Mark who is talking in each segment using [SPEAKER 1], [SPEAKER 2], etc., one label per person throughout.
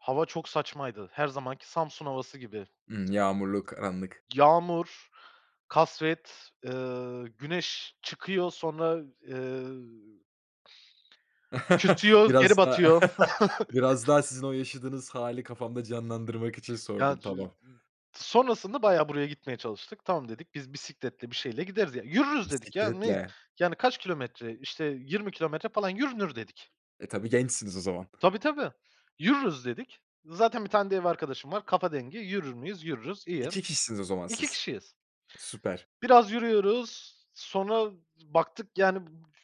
[SPEAKER 1] Hava çok saçmaydı. Her zamanki, Samsun havası gibi.
[SPEAKER 2] Hıı, yağmurluk, anlık.
[SPEAKER 1] Yağmur, kasvet, ııı, güneş çıkıyor sonra, ııı, çıkıyor, geri
[SPEAKER 2] Biraz daha
[SPEAKER 1] batıyor.
[SPEAKER 2] biraz daha sizin o yaşadığınız hâli, kafamda canlandırmak için
[SPEAKER 1] Ya,
[SPEAKER 2] sordum. Tamam.
[SPEAKER 1] [unintelligible] sonrasında bayağı buraya gitmeye çalıştık. Tamam dedik, biz bisikletle bir şeyle gideriz ya. Yürürüz dedik ya; ne,
[SPEAKER 2] Bisikletle.
[SPEAKER 1] yani kaç kilometre? İşte yirmi kilometre falan, yürünür dedik.
[SPEAKER 2] E, tabii, gençsiniz o zaman.
[SPEAKER 1] Tabii, tabii, yürürüz dedik. Zaten bir tane de ev arkadaşım var, kafa dengi; yürür müyüz, yürürüz, iyi.
[SPEAKER 2] 2 kişisiniz o zaman
[SPEAKER 1] 2
[SPEAKER 2] siz.
[SPEAKER 1] kişiyiz.
[SPEAKER 2] Süper.
[SPEAKER 1] Biraz yürüyoruz, sonra baktık, [unintelligible] yani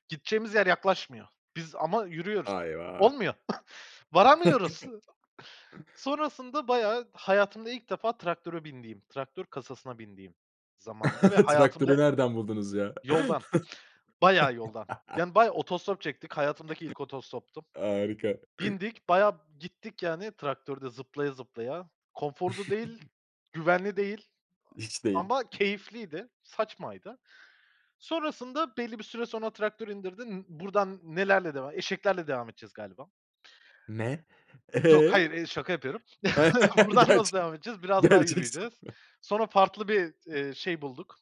[SPEAKER 1] gideceğimiz yer yaklaşmıyor. Biz ama
[SPEAKER 2] A,
[SPEAKER 1] yürüyoruz,
[SPEAKER 2] eyvah.
[SPEAKER 1] olmuyor, varamıyoruz. Sonrasında bayağı hayatımda ilk defa traktöre bindiğim, traktör kasasına bindiğim zamandı ve
[SPEAKER 2] Traktörü
[SPEAKER 1] hayatımda
[SPEAKER 2] nereden buldunuz ya?
[SPEAKER 1] yoldan, bayağı yoldan yani bayağı otostop çektik. Hayatımdaki ilk otostoptu.
[SPEAKER 2] Harika.
[SPEAKER 1] Bindik bayağı gittik yani traktörde zıplaya zıplaya. Konforlu değil, güvenli değil
[SPEAKER 2] Hiç
[SPEAKER 1] a
[SPEAKER 2] değil.
[SPEAKER 1] ama keyifliydi, saçmaydı. Sonrasında belli bir süre sonra traktör indirdi. N buradan nelerle devam? Eşeklerle devam edeceğiz galiba.
[SPEAKER 2] Ne?
[SPEAKER 1] Yok,
[SPEAKER 2] Eee?
[SPEAKER 1] hayır, hayır, şaka yapıyorum. Buradan nasıl
[SPEAKER 2] Gerçek
[SPEAKER 1] devam edeceğiz? Biraz daha
[SPEAKER 2] gerçek
[SPEAKER 1] yürüyeceğiz.
[SPEAKER 2] soru.
[SPEAKER 1] Sonra farklı bir, eee, şey bulduk.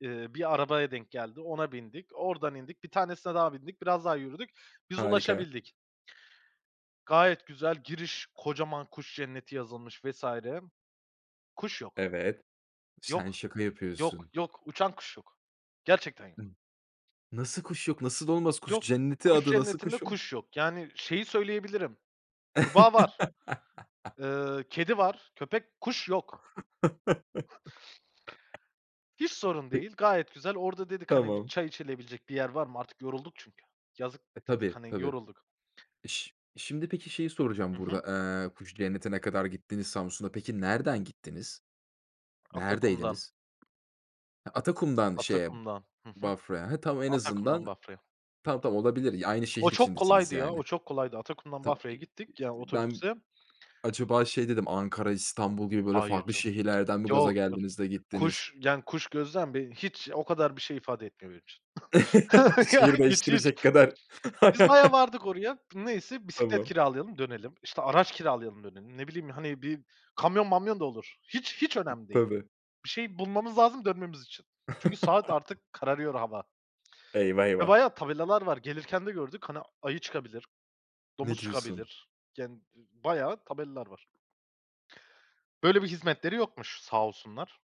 [SPEAKER 1] Eee, bir arabaya denk geldi. Ona bindik. Oradan indik. Bir tanesine daha bindik. Biraz daha yürüdük. Biz
[SPEAKER 2] Harika.
[SPEAKER 1] ulaşabildik. Gayet güzel, giriş; kocaman kuş cenneti yazılmış vs. Kuş yok,
[SPEAKER 2] Evet. Sen
[SPEAKER 1] yok,
[SPEAKER 2] şaka
[SPEAKER 1] yok,
[SPEAKER 2] yapıyorsun.
[SPEAKER 1] yok. Uçan kuş yok. Gerçekten yok.
[SPEAKER 2] Hıı. Nasıl kuş yok? Nasıl olmaz? Kuş
[SPEAKER 1] Yok,
[SPEAKER 2] Cenneti
[SPEAKER 1] kuş
[SPEAKER 2] adı, nasıl
[SPEAKER 1] cennetinde
[SPEAKER 2] kuş yok?
[SPEAKER 1] kuş yok. Yani, şeyi söyleyebilirim, kurbağa var, ııı, kedi var, köpek Kuş yok. Hiç sorun
[SPEAKER 2] Pe
[SPEAKER 1] değil, gayet güzel. Orada dedik, hani, bir
[SPEAKER 2] Tamam.
[SPEAKER 1] çay içilebilecek bir yer var mı, artık yorulduk çünkü. Yazık
[SPEAKER 2] E,
[SPEAKER 1] dedik,
[SPEAKER 2] tabii,
[SPEAKER 1] hani,
[SPEAKER 2] tabii.
[SPEAKER 1] yorulduk.
[SPEAKER 2] İş şimdi, peki, şeyi soracağım
[SPEAKER 1] Hı hı.
[SPEAKER 2] burada. Eee, Kuş Cenneti'ne kadar gittiniz, Samsun'a. Peki, nereden gittiniz?
[SPEAKER 1] Atakum'dan.
[SPEAKER 2] Neredeydiniz? Atakum'dan şeye,
[SPEAKER 1] Atakum'dan. Hı hı.
[SPEAKER 2] Bafra'ya. He, tamam en
[SPEAKER 1] Atakum'dan
[SPEAKER 2] azından
[SPEAKER 1] Bafra'ya.
[SPEAKER 2] tamam, tamam, olabilir. Aynı
[SPEAKER 1] O
[SPEAKER 2] şehir
[SPEAKER 1] çok
[SPEAKER 2] içindesiniz
[SPEAKER 1] kolaydı ya, o
[SPEAKER 2] yani.
[SPEAKER 1] çok kolaydı. Atakum'dan
[SPEAKER 2] Tamam,
[SPEAKER 1] Bafra'ya
[SPEAKER 2] i
[SPEAKER 1] gittik; ya
[SPEAKER 2] ben
[SPEAKER 1] otobüsle.
[SPEAKER 2] acaba şey dedim, Ankara, İstanbul gibi böyle
[SPEAKER 1] Hayır
[SPEAKER 2] farklı
[SPEAKER 1] canım,
[SPEAKER 2] şehirlerden mi
[SPEAKER 1] yok
[SPEAKER 2] gaza
[SPEAKER 1] canım.
[SPEAKER 2] geldiniz de gittiniz?
[SPEAKER 1] Kuş, yani, kuş gözlem beni hiç, o kadar bir şey ifade etmiyor benim için. Ya,
[SPEAKER 2] Şehir
[SPEAKER 1] hiç, hiç.
[SPEAKER 2] değiştirecek kadar
[SPEAKER 1] Biz bayağı vardık oraya. Neyse bisiklet
[SPEAKER 2] Tamam.
[SPEAKER 1] kiralayalım dönelim, işte araç kiralayalım dönelim. Ne bileyim, hani, bir kamyon mamyon da olur. Hiç, hiç
[SPEAKER 2] [unintelligible]
[SPEAKER 1] önemli değil.
[SPEAKER 2] Tabii.
[SPEAKER 1] Bir şey bulmamız lazım, dönmemiz için. Çünkü saat artık; kararıyor hava.
[SPEAKER 2] Eyvah,
[SPEAKER 1] Ya,
[SPEAKER 2] eyvah.
[SPEAKER 1] bayağı tabelalar var. Gelirken de gördük. Hani, ayı çıkabilir,
[SPEAKER 2] Ne
[SPEAKER 1] domuz
[SPEAKER 2] diyorsun?
[SPEAKER 1] çıkabilir; yani ı ı bayağı tabelalar var. Böyle bir hizmetleri yokmuş sağ olsunlar.